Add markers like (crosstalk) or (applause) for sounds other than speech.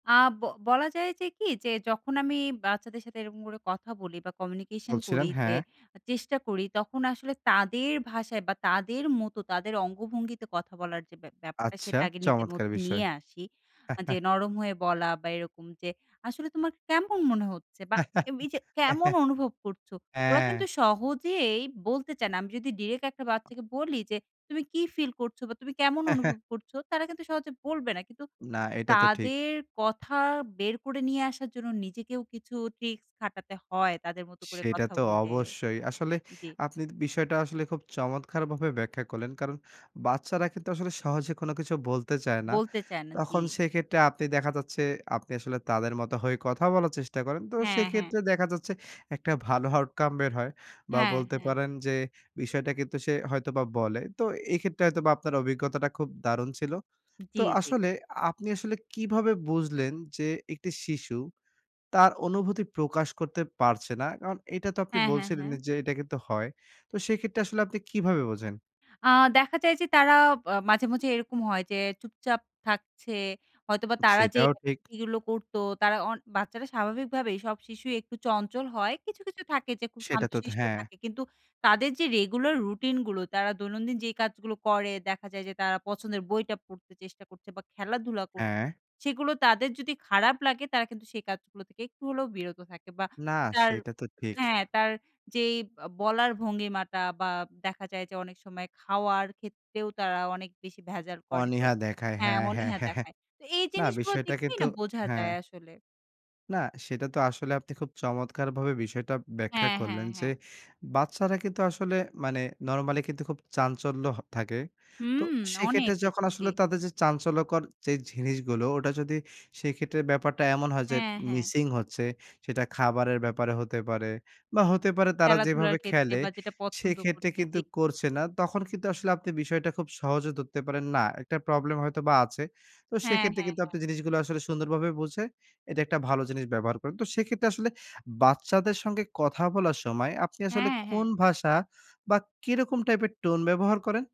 আ ব বলা যায় যে কি, যে যখন আমি বাচ্চাদের সাথে এরকম করে কথা বলি বা communication বলছিলেন, করি, হ্যাঁ। চেষ্টা করি, তখন আসলে (smacks lips) তাদের ভাষায় বা তাদের মতো তাদের অঙ্গভঙ্গিতে কথা বলার যে বে ব্যাপারটা, আচ্ছা, সেটা আগে নিজের (smacks lips) চমৎকার মধ্যে বিষয়। নিয়ে আসি। যে (chuckles) নরম হয়ে বলা বা এরকম যে, "আসলে তোমার কেমন মনে হচ্ছে?" বা এই যে, (chuckles) "কেমন অনুভব করছো?" ওরা কিন্তু হ্যাঁ। সহজেই বলতে চায় না। আমি যদি direct একটা বাচ্চাকে বলি যে "তুমি কি feel করছো?" বা "তুমি কেমন অনুভব (chuckles) করছো?" তারা কিন্তু সহজে বলবে না। কিন্তু না এটা তো ঠিক। তাদের কথা বের করে নিয়ে আসার জন্য নিজেকেও কিছু tricks খাটাতে হয়, তাদের মতো করে সেটা কথা তো বলে। অবশ্যই। আসলে জি। আপনি বিষয়টা আসলে খুব চমৎকারভাবে ব্যাখ্যা করলেন। কারণ বাচ্চারা কিন্তু আসলে সহজে কোনো কিছু বলতে চায় না। বলতে চায় না, জি। তখন সেক্ষেত্রে আপনি দেখা যাচ্ছে, আপনি আসলে তাদের মতো হয়ে কথা বলার চেষ্টা করেন। তো হ্যাঁ, হ্যাঁ। সেইক্ষেত্রে দেখা যাচ্ছে একটা ভালো outcome বের হয়, বা হ্যাঁ, বলতে হ্যাঁ। পারেন যে, বিষয়টা কিন্তু সে হয়তোবা বলে। তো এক্ষেত্রে হয়তোবা আপনার অভিজ্ঞতাটা খুব দারুণ ছিল। জি, তো জি। আসলে, আপনি আসলে কিভাবে বুঝলেন যে একটি শিশু, তার অনুভূতি প্রকাশ করতে পারছে না? কারণ এটা তো আপনি হ্যাঁ, হ্যাঁ, বলছিলেন হ্যাঁ। যে এটা কিন্তু হয়। তো সেক্ষেত্রে আসলে আপনি কিভাবে বোঝেন? আ দেখা যায় যে তারা আ মাঝে, মাঝে এরকম হয় যে চুপচাপ থাকছে, হয়তো বা তারা সেটাও ঠিক। যেগুলো করতো, তারা অন বাচ্চারা স্বাভাবিকভাবেই সব শিশু একটু চঞ্চল হয়, কিছু, কিছু থাকে যে খুব সেটা তো থ শান্তশিষ্ট হ্যাঁ। থাকে। কিন্তু তাদের যে রেগুলার রুটিনগুলো, তারা দৈনন্দিন যেই কাজগুলো করে, দেখা যায় যে তারা পছন্দের বইটা পড়তে চেষ্টা করছে বা খেলাধুলা করছে। হ্যাঁ। সেইগুলো যদি তাদের খারাপ লাগে, তারা কিন্তু সেই কাজগুলো থেকে একটু হলেও বিরত থাকে। বা না, তার সেইটা তো ঠিক। হ্যাঁ, তার যেই আ বলার ভঙ্গিমাটা বা দেখা যায় যে অনেক সময় খাওয়ার ক্ষেত্রেও তারা অনেক বেশি ভেজাল করে। তো অনীহা দেখায় হ্যাঁ, হ্যাঁ, হ্যাঁ, অনীহা হ্যাঁ, হ্যাঁ। দেখায়। তো এই না, জিনিসগুলো বিষয়টা দেখলেই কিন্তু, না বোঝা যায় হ্যাঁ। আসলে। না, সেটা তো আসলে আপনি খুব চমৎকারভাবে বিষয়টা ব্যাখ্যা হ্যাঁ, হ্যাঁ, করলেন যে হ্যাঁ। বাচ্চারা কিন্তু আসলে মানে normally কিন্তু খুব চাঞ্চল্য হ থাকে। তো, হুম, অনেক সেক্ষেত্রে বেশি, যখন জি। আসলে তাদের যে চাঞ্চল্যকর যেই জিনিসগুলো, ওটা যদি সেইক্ষেত্রে ব্যাপারটা এমন হয় যে হ্যাঁ, হ্যাঁ। missing হচ্ছে, সেটা খাবারের ব্যাপারে হতে পারে, বা হতে পারে তারা খেলাধুলার যেভাবে ক্ষেত্রে খেলে, বা যেটা পছন্দ সেক্ষেত্রে করতে, কিন্তু জি। করছে না, তখন কিন্তু আসলে আপনি বিষয়টা খুব সহজে ধরতে পারেন, না, একটা প্রবলেম হয়তোবা আছে। তো হ্যাঁ, সেক্ষেত্রে হ্যাঁ, কিন্তু হ্যাঁ। আপনি জিনিসগুলো আসলে সুন্দরভাবে বুঝে, এটা একটা ভালো জিনিস ব্যবহার করেন। তো সেইক্ষেত্রে আসলে বাচ্চাদের সঙ্গে কথা বলার সময়, আপনি আসলে হ্যাঁ, কোন হ্যাঁ। ভাষা বা কিরকম টাইপের টোন ব্যবহার করেন?